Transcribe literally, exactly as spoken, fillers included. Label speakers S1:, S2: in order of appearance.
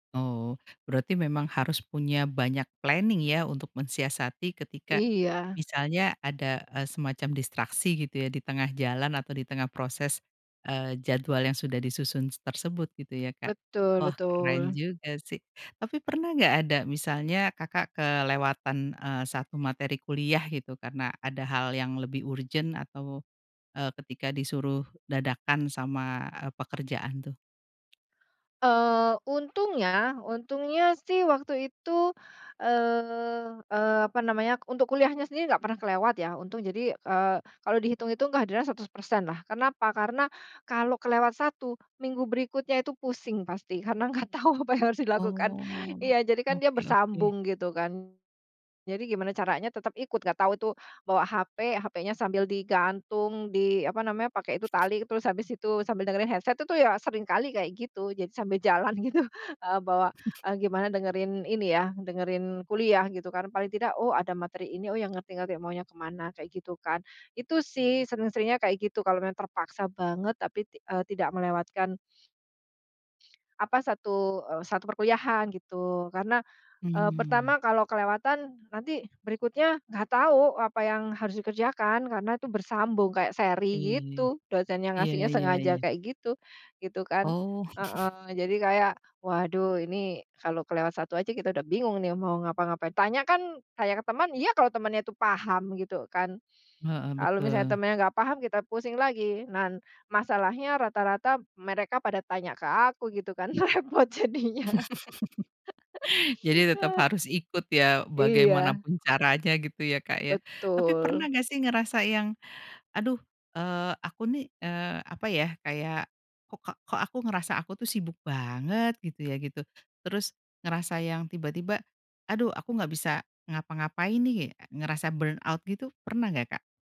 S1: Oh. Berarti memang harus punya banyak planning ya untuk mensiasati ketika
S2: Iya.
S1: misalnya ada, eee, semacam distraksi gitu ya, di tengah jalan atau di tengah proses, eee, jadwal yang sudah disusun s tersebut gitu ya Kak,
S2: Betul
S1: wah keren
S2: betul.
S1: juga sih. Tapi pernah nggak ada misalnya Kakak kelewatan, eee, satu materi kuliah gitu karena ada hal yang lebih urgent atau, eee, ketika disuruh dadakan sama, eee, pekerjaan tuh?
S2: Eee, untungnya untungnya sih waktu itu, eee eee, apa namanya, untuk kuliahnya sendiri nggak pernah kelewat ya, untung. Jadi, eee, kalau dihitung-hitung kehadiran seratus persen lah, karena apa? Karena kalau kelewat satu, minggu berikutnya itu pusing pasti karena nggak tahu apa yang harus dilakukan.
S1: Oh.
S2: Iya, jadi kan dia
S1: Oke oke.
S2: bersambung gitu kan. Jadi gimana caranya tetep ikut, enggak tahu itu bawa HP, HP-nya sambil digantung di, apa namanya, pakai itu tali, terus habis itu sambil dengerin headset itu ya seringkali kayak gitu. Jadi sambil jalan gitu, eee, bawa, eee, gimana dengerin ini ya, dengerin kuliah gitu karena paling tidak, "Oh ada materi ini, oh ya ngerti-ngerti maunya ke mana," kayak gitu kan. Itu sih sering-seringnya kayak gitu kalau memang terpaksa banget tapi ti eee, tidak melewatkan apa, satu, eee, satu perkuliahan gitu karena, eee,
S1: Hmm.
S2: pertama kalau kelewatan nanti berikutnya nggak tahu apa yang harus dikerjakan karena itu bersambung kayak seri
S1: Iya iya.
S2: gitu, dosennya
S1: Iya
S2: ngasihnya
S1: iya iya.
S2: sengaja kayak gitu, gitu kan.
S1: Oh.
S2: Heeh, jadi kayak, waduh ini kalau kelewat satu aja kita udah bingung nih mau ngapa-ngapain, tanya kan tanya ke teman, iya kalau temannya itu paham gitu kan,
S1: Heeh.
S2: kalau misalnya
S1: Betul.
S2: temennya nggak paham kita pusing lagi. Nah, masalahnya rata-rata mereka pada tanya ke aku, gitu kan repot jadinya.
S1: Jadi tetap harus ikut ya, bagaimana
S2: Iya.
S1: pun caranya gitu ya, Kak, ya? Tapi
S2: Betul.
S1: pernah nggak sih ngerasa yang, "Aduh, eee, aku nih, eee, apa ya, kayak kokak kok aku ngerasa aku tuh sibuk banget?" Gitu ya gitu, terus ngerasa yang tiba-tiba, "Aduh aku nggak bisa ngapa-ngapain nih." Ngerasa burn out gitu, pernah nggak, Kak?